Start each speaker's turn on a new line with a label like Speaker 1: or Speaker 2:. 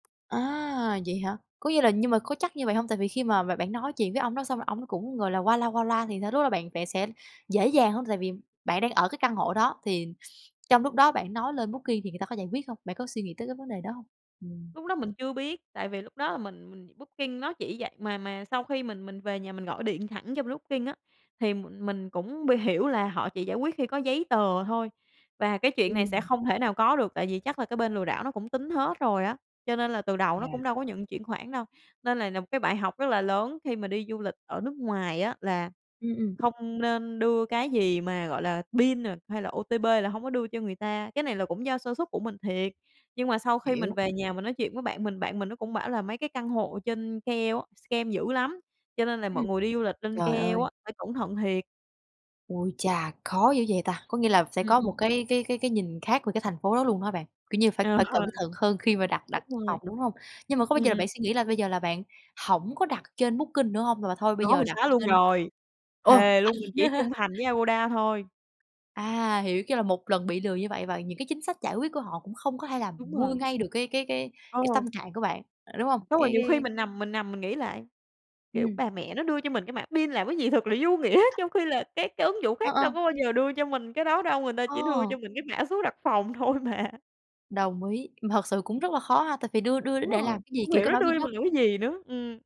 Speaker 1: À, vậy hả? Có nghĩa là nhưng mà có chắc như vậy hông? Tại vì khi mà b bạn nói chuyện với ông đó xong rồi ổng cũng, gọi là, qua loa qua loa thì sao, lúc đó bạn bạn sẽ dễ dàng hông? Tại vì bạn đang ở cái căn hộ đó thì trong lúc đó bạn nói lên Booking thì người ta có giải quyết hông? Bạn có suy nghĩ tới cái vấn đề đó hông? Ừm.
Speaker 2: Lúc đó mình chưa biết, tại vì lúc đó là mình mình Booking nó chỉ vậy, mà mà sau khi mình mình về nhà mình gọi điện thẳng cho bên Booking á, thì m mình cũng bi hiểu là họ chỉ giải quyết khi có giấy tờ thôi và cái chuyện này sẽ
Speaker 1: Ừm.
Speaker 2: không thể nào có được tại vì chắc là cái bên lừa đảo nó cũng tính hết rồi á, cho nên là từ đầu nó
Speaker 1: Yeah.
Speaker 2: cũng đâu có nhận chuyển khoản đâu. Nên này là một cái bài học rất là lớn khi mà đi du lịch ở nước ngoài á là
Speaker 1: Ừm, ừm.
Speaker 2: không nên đưa cái gì mà, gọi là, pin nà hay là OTP là hông có đưa cho người ta, cái này là cũng do sơ suất của mình thiệt. Nhưng mà sau khi mình
Speaker 1: Hiểu.
Speaker 2: về nhà mình nói chuyện với bạn mình, bạn mình nó cũng bảo là mấy cái căn hộ trên KL á, scam dữ lắm, cho nên là mọi
Speaker 1: Ừm.
Speaker 2: người đi du lịch lên
Speaker 1: Trời
Speaker 2: KL
Speaker 1: ơi.
Speaker 2: á phải cẩn thận thiệt.
Speaker 1: Ui chà! Khó dữ vậy ta. Có nghĩa là sẽ
Speaker 2: Ừm,
Speaker 1: có một
Speaker 2: ừm.
Speaker 1: cái cái cái cái nhìn khác về cái thành phố đó luôn hả bạn? Kiểu như, phải
Speaker 2: Ờ.
Speaker 1: phải cẩn thận hơn khi mà đặt đặt
Speaker 2: Đúng rồi.
Speaker 1: phòng, đúng hông? Nhưng mà có bao
Speaker 2: Ừm,
Speaker 1: giờ là
Speaker 2: ừm
Speaker 1: bạn suy nghĩ là bây giờ là bạn hổng có đặt trên Booking nữa hông? Mà thôi bây
Speaker 2: Có,
Speaker 1: giờ
Speaker 2: mình
Speaker 1: đặt
Speaker 2: xoá luôn
Speaker 1: trên
Speaker 2: rồi.
Speaker 1: ồ
Speaker 2: Thề
Speaker 1: [unintelligible]
Speaker 2: luôn mình chỉ trung thành với Agoda thôi.
Speaker 1: À, hiểu, kiểu là, một lần bị lừa như vậy và những cái chính sách giải quyết của họ cũng không có thể làm
Speaker 2: Đúng
Speaker 1: nguôi
Speaker 2: rồi.
Speaker 1: ngay được cái cái cái cái
Speaker 2: Ờ.
Speaker 1: tâm trạng của bạn, đúng hông?
Speaker 2: Xong rồi
Speaker 1: Cái
Speaker 2: nhiều khi
Speaker 1: cái
Speaker 2: mình nằm mình nằm mình nghĩ lại, kiểu,
Speaker 1: Ừm.
Speaker 2: bà mẹ nó đưa cho mình cái mã pin làm cái gì thật là vô nghĩa, trong khi là các cái ứng dụng
Speaker 1: Ờ,
Speaker 2: khác
Speaker 1: ờ.
Speaker 2: đâu có bao giờ đưa cho mình cái đó đâu, người ta chỉ đưa
Speaker 1: Ờ.
Speaker 2: cho mình cái mã số đặt phòng thôi mà.
Speaker 1: Đồng ý, mà thật sự cũng rất là khó ha, tại vì đưa đưa
Speaker 2: Đúng
Speaker 1: để
Speaker 2: rồi,
Speaker 1: làm cái gì?
Speaker 2: không
Speaker 1: Kiểu
Speaker 2: hiểu
Speaker 1: cái
Speaker 2: nó
Speaker 1: mã
Speaker 2: đưa
Speaker 1: pin
Speaker 2: cho
Speaker 1: á.
Speaker 2: mình làm cái gì nữa, ừm.